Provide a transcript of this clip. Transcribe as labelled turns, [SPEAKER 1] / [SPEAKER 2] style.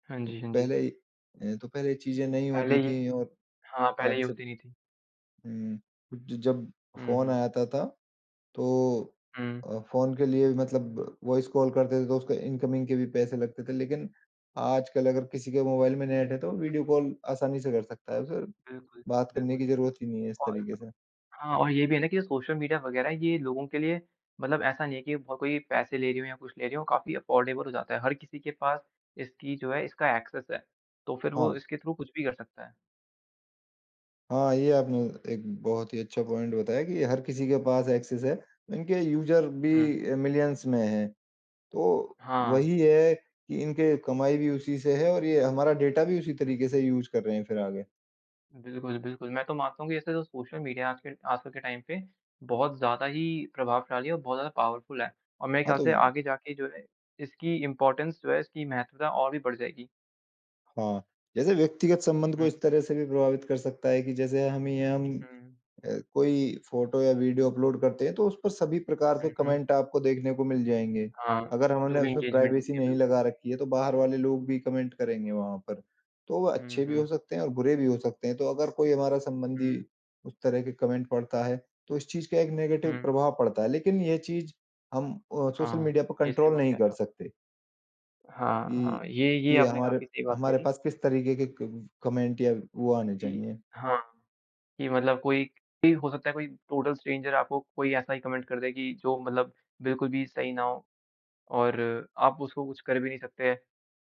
[SPEAKER 1] हाँ जी, हाँ जी।
[SPEAKER 2] पहले अ, तो ख़ैर ये चीज़ें नहीं
[SPEAKER 1] पहले
[SPEAKER 2] होती
[SPEAKER 1] ये
[SPEAKER 2] थी और
[SPEAKER 1] हाँ, पहले
[SPEAKER 2] आज
[SPEAKER 1] ये
[SPEAKER 2] से
[SPEAKER 1] होती नहीं थी।
[SPEAKER 2] हुँ। ज जब
[SPEAKER 1] हुँ,
[SPEAKER 2] फ़ोन
[SPEAKER 1] हुँ।
[SPEAKER 2] आया था ता तो
[SPEAKER 1] हुँ।
[SPEAKER 2] अ, फ़ोन के लिए मतलब वॉइस कॉल करते थे तो उसके इनकमिंग के भी पैसे लगते थे। लेकिन आजकल अगर किसी के मोबाइल में नेट है तो वीडियो
[SPEAKER 1] हुँ।
[SPEAKER 2] कॉल आसानी से कर सकता है। उसे
[SPEAKER 1] बिल्कुल,
[SPEAKER 2] बात करने की
[SPEAKER 1] बिल्कुल।
[SPEAKER 2] ज़रूरत ही नहीं है इस
[SPEAKER 1] और
[SPEAKER 2] तरीके से।
[SPEAKER 1] हाँ, और ये भी है ना कि सोशल मीडिया वगैरह ये लोगों के लिए मतलब ऐसा नहीं है कि कोई पैसे ले रही हो या कुछ ले रही हो। काफ़ी अफोर्डेबल हो जाता है। हर किसी के पास इसकी जो है, इसका एक्सेस है तो फिर वो
[SPEAKER 2] हाँ।
[SPEAKER 1] इसके थ्रू कुछ भी कर सकता है।
[SPEAKER 2] हाँ, ये आपने एक बहुत ही अच्छा पॉइंट बताया कि हर किसी के पास एक्सेस है। इनके यूज़र
[SPEAKER 1] हुँ।
[SPEAKER 2] भी अ, मिलियंस में हैं। तो
[SPEAKER 1] हाँ।
[SPEAKER 2] वही है कि इनके कमाई भी उसी से है और ये हमारा डेटा भी उसी
[SPEAKER 1] हुँ,
[SPEAKER 2] तरीके से
[SPEAKER 1] हुँ।
[SPEAKER 2] यूज़ कर रहे हैं फिर आगे।
[SPEAKER 1] बिल्कुल, बिल्कुल। मैं तो मानता हूँ कि ऐसे तो सोशल मीडिया आज के आजकल के टाइम पे बहुत ज़्यादा ही प्रभावशाली और बहुत ज़्यादा पॉवरफुल है। और मेरे
[SPEAKER 2] हाँ,
[SPEAKER 1] ख्याल
[SPEAKER 2] तो
[SPEAKER 1] से आगे जाके इसकी इम्पोर्टेंस जो है, इसकी महत्वता और भी बढ़ जाएगी।
[SPEAKER 2] हाँ। जैसे व्यक्तिगत संबंध को
[SPEAKER 1] हुँ।
[SPEAKER 2] इस तरह से भी प्रभावित कर सकता है कि जैसे हमें हम
[SPEAKER 1] हुँ।
[SPEAKER 2] अ, कोई फ़ोटो या वीडियो अपलोड करते हैं तो उस पर सभी प्रकार के
[SPEAKER 1] हुँ, हुँ।
[SPEAKER 2] कॉमेंट आपको देखने को मिल जाएँगे।
[SPEAKER 1] हाँ,
[SPEAKER 2] अगर
[SPEAKER 1] जो
[SPEAKER 2] हमने
[SPEAKER 1] भी
[SPEAKER 2] उसमें
[SPEAKER 1] एंगेजमेंट
[SPEAKER 2] प्राइवेसी
[SPEAKER 1] होती है।
[SPEAKER 2] नहीं
[SPEAKER 1] बिल्कुल।
[SPEAKER 2] लगा रखी है तो बाहर वाले लोग भी कॉमेंट करेंगे वहाँ पर। तो वह
[SPEAKER 1] हुँ,
[SPEAKER 2] अच्छे भी हो
[SPEAKER 1] हुँ।
[SPEAKER 2] सकते हैं और बुरे भी हो सकते हैं। तो अगर कोई हमारा संबंधी
[SPEAKER 1] हुँ।
[SPEAKER 2] उस तरह के कॉमेंट पढ़ता है तो इस चीज़ का एक नेगेटिव
[SPEAKER 1] हुँ।
[SPEAKER 2] प्रभाव पड़ता है। लेकिन ये चीज़ हम अ, सोशल
[SPEAKER 1] हाँ,
[SPEAKER 2] मीडिया पर
[SPEAKER 1] ये सही
[SPEAKER 2] कंट्रोल
[SPEAKER 1] बात कह
[SPEAKER 2] नहीं
[SPEAKER 1] रहे हो
[SPEAKER 2] कर
[SPEAKER 1] आप।
[SPEAKER 2] सकते।
[SPEAKER 1] हाँ,
[SPEAKER 2] कि
[SPEAKER 1] हाँ। ये ये
[SPEAKER 2] कि
[SPEAKER 1] आपने
[SPEAKER 2] हमारे
[SPEAKER 1] काफ़ी सही बात
[SPEAKER 2] हमारे
[SPEAKER 1] कही।
[SPEAKER 2] पास किस तरीके के क कॉमेंट या वो आने
[SPEAKER 1] कि
[SPEAKER 2] चाहिए।
[SPEAKER 1] हाँ। ये मतलब कोई भी हो सकता है, कोई टोटल स्ट्रेंजर आपको कोई ऐसा ही कॉमेंट कर दे कि जो मतलब बिल्कुल भी सही ना हो और आप उसको कुछ कर भी नहीं सकते।